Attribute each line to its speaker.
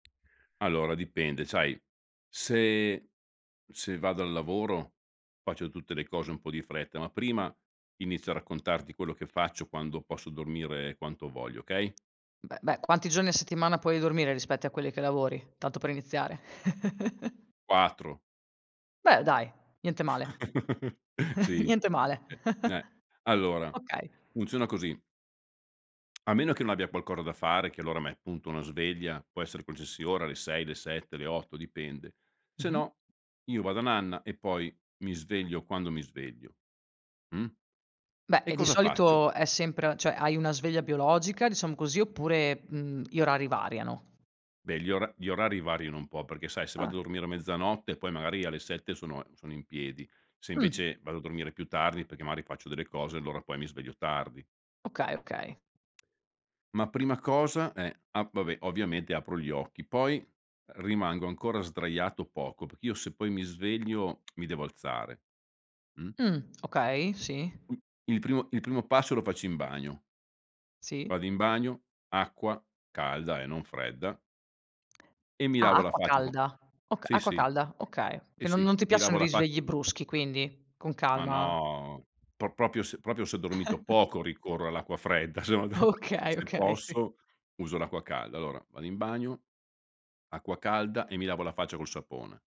Speaker 1: Allora dipende, sai se se vado al lavoro faccio tutte le cose un po' di fretta, ma prima inizio a raccontarti quello che faccio quando posso dormire quanto voglio, okay?
Speaker 2: Beh beh quanti giorni a settimana puoi dormire rispetti a quelli che lavori? Tanto per iniziare
Speaker 1: 4.
Speaker 2: Beh dai, niente male.
Speaker 1: Sì.
Speaker 2: Niente male.
Speaker 1: E ne allora,
Speaker 2: Okay.
Speaker 1: funziona così a meno che non abbia qualcosa da fare che allora mett punto una sveglia, può essere qualsiasi ora alle 6 le 7 le 8 dipende, se
Speaker 2: Mh-mh.
Speaker 1: no io vado a nanna e poi mi sveglio quando mi sveglio, mh.
Speaker 2: Beh,
Speaker 1: E
Speaker 2: e di
Speaker 1: cosa faccio
Speaker 2: solito è sempre cioè hai una sveglia biologica, diciamo così, oppure, mhmm, gli orari variano?
Speaker 1: Beh gli ora gli orari variano un po' perché sai se vado a
Speaker 2: Ah.
Speaker 1: dormire a mezzanotte poi magari alle 7 sono e sono in piedi, se
Speaker 2: Mh.
Speaker 1: invece vado a dormire più tardi perché magari faccio delle cose allora poi mi sveglio tardi.
Speaker 2: Okay, okay.
Speaker 1: Ma prima cosa eh, ah, vabbè ovviamente apro gli occhi, poi rimango ancora sdraiato poco perché io se poi mi sveglio mi devo alzare, mh?
Speaker 2: Mh, okay, sì.
Speaker 1: Mh, il primo il primo passo lo faccio in bagno vado
Speaker 2: Sì.
Speaker 1: in bagno, acqua, calda eh, non fredda e mi
Speaker 2: Ah,
Speaker 1: lavo la
Speaker 2: acqua
Speaker 1: faccia co
Speaker 2: calda. Okay,
Speaker 1: sì,
Speaker 2: acqua
Speaker 1: sì.
Speaker 2: calda, okay.
Speaker 1: Sì,
Speaker 2: Che non
Speaker 1: sì.
Speaker 2: non ti
Speaker 1: Mi lavo
Speaker 2: piacciono i
Speaker 1: la fa
Speaker 2: risvegli bruschi quindi. Con
Speaker 1: Ma
Speaker 2: calma.
Speaker 1: no pro proprio se proprio se ho dormito poco ricorro all'acqua fredda, se no de
Speaker 2: Okay,
Speaker 1: se
Speaker 2: okay, sì.
Speaker 1: posso uso l'acqua calda. Allora vado in bagno, acqua calda e mi lavo la faccia col sapone.